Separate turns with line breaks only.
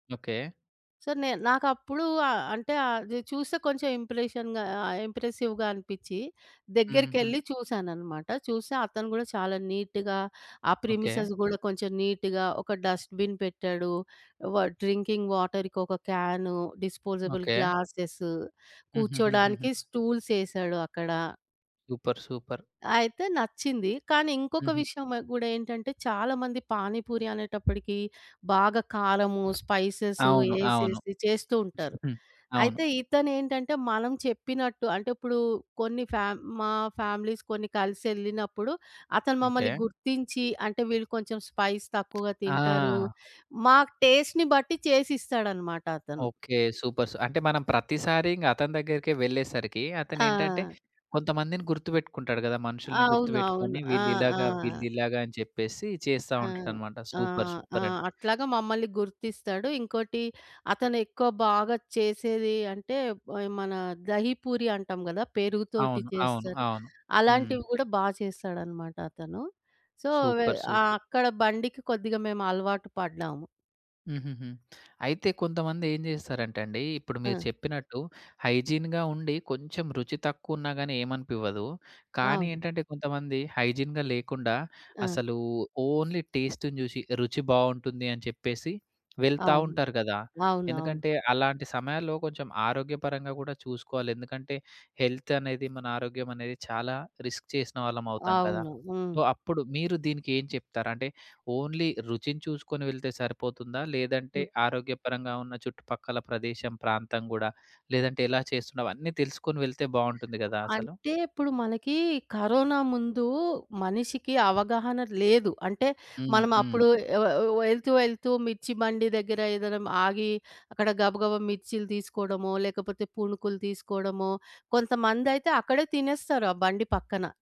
Okay.
So, నేను నాకప్పుడూ ఆహ్, అంటే, అది చూస్తే కొంచెం ఇంప్రెషన్‌‌గా ఆహ్, ఆహ్, ఇంప్రెసివ్‌గా అనిపిచ్చి,
హూహూహు.
దగ్గరికెళ్ళి చూసానన్నమాట. చూస్తే అతను గూడా చాలా నీట్‌గా ఆ
ఓకే.
ప్రెమిసెస్ గూడా కొంచెం నీట్‌గా ఒక డస్ట్‌బిన్ పెట్టాడు. వా డ్రింకింగ్ వాటర్‌కి ఒక క్యాను, డిస్పోజబుల్
ఓకే.
గ్లాసెస్,
హూహూహుహుహు.
కూర్చోడానికి స్టూల్స్ యేశాడక్కడ.
Super super.
అయితే నచ్చింది. కానీ ఇంకొక
హుహు.
విషయం వ గూడా ఏంటంటే చాలా మంది పానీపూరి అనేటప్పడికి బాగా కారము, స్పైసెస్
అవును. అవును.
యేసేసి చేస్తూ ఉంటారు.
అవును.
అయితే ఇతనేంటంటే మనం చెప్పినట్టు అంటే ఇప్పుడు కొన్ని ఫ్యామ్ మా ఫ్యామిలీస్ కొన్ని కలిసెళ్ళినప్పుడు అతను
ఓకే.
మమ్మల్ని గుర్తించి, అంటే వీళ్ళు కొంచెం స్పైస్ తక్కువగా తింటారు.
ఆ!
మాకు టేస్ట్‌ని బట్టి చేసిస్తాడన్నమాట అతను.
ఓకే. సూపర్స్. అంటే మనం ప్రతిసారి ఇంగ అతని దగ్గరికే వెళ్ళేసరికి, అతనేంటంటె
ఆ!
కొంతమందిని గుర్తువెట్టుకుంటాడు గదా! మనుషుల్ని గుర్తుపెట్టుకొని
అవునవును. ఆ!
వీళ్ళిలాగ,
ఆ!
వీళ్ళిలాగ అని చెప్పేసి చేస్తా
ఆ!
ఉంటాడన్నమాట.
ఆ!
సూపర్.
ఆ!
సూపరండి.
అట్లాగా మమ్మల్ని గుర్తిస్తాడు. ఇంకోటి అతనెక్కువ బాగా చేసేది అంటే ఈ మన దహి పూరి అంటాం గదా! పెరుగు తోటి
అవును. అవును.
చేస్తరు.
అవును. హ్మ్.
అలాంటివి గూడా బాగా చేస్తాడన్నమాట అతను. సో, వె
సూపర్.
ఆ
సూపర్.
అక్కడ బండికి కొద్దిగా మేము అలవాటు పడ్డాము.
హూహూహు. అయితే కొంతమంది ఏం చేస్తారంటే అండి ఇప్పుడు మీరు
ఆ!
చెప్పినట్టు హైజీన్‌గా ఉండి కొంచెం రుచి తక్కువున్నా‌గానీ ఏమనిపివ్వదు. కానీ
అవును.
ఏంటంటే కొంతమంది హైజీన్‌గా లేకుండా
ఆ!
అసలు ఓన్లీ టేస్ట్‌ని జూసి ఇక రుచి బావుంటుంది అని చెప్పేసి వెళ్తా
అవును.
ఉంటారు గదా!
అవునవును.
ఎందుకంటే అలాంటి సమయాల్లో కొంచెం ఆరోగ్యపరంగా గూడా చూసుకోవాలి ఎందుకంటే హెల్త్ అనేది మన ఆరోగ్యం అనేది చాలా రిస్క్ చేసిన వాళ్ళమవుతాం కదా!
అవును. హ్మ్.
సో, అప్పుడు మీరు దీనికి ఏం చెప్తారు? అంటే ఓన్లీ రుచిని చూసుకొని వెళ్తే సరిపోతుందా? లేదంటే
హ్మ్.
ఆరోగ్యపరంగా ఉన్న చుట్టుపక్కల ప్రదేశం ప్రాంతం గూడా లేదంటే ఎలా చేస్తున్నావు అన్నీ తెలుసుకొని వెళితే బావుంటుంది గదా! అసలు.
అంటే ఇప్పుడు మనకి కరోనా ముందు మనిషికి అవగాహన లేదు. అంటే
హ్మ్.
మనం
హ్మ్.
అప్పుడు ఆ వ వె యెళ్తూ, యెళ్తూ మిర్చి బండి దగ్గర ఏదైనా ఆగి అక్కడ గబగబా మిర్చిలు తీసుకోవడమో, లేకపోతే పునుకులు తీసుకోవడమో, కొంతమందైతే అక్కడే తినేస్తారు ఆ బండి పక్కన.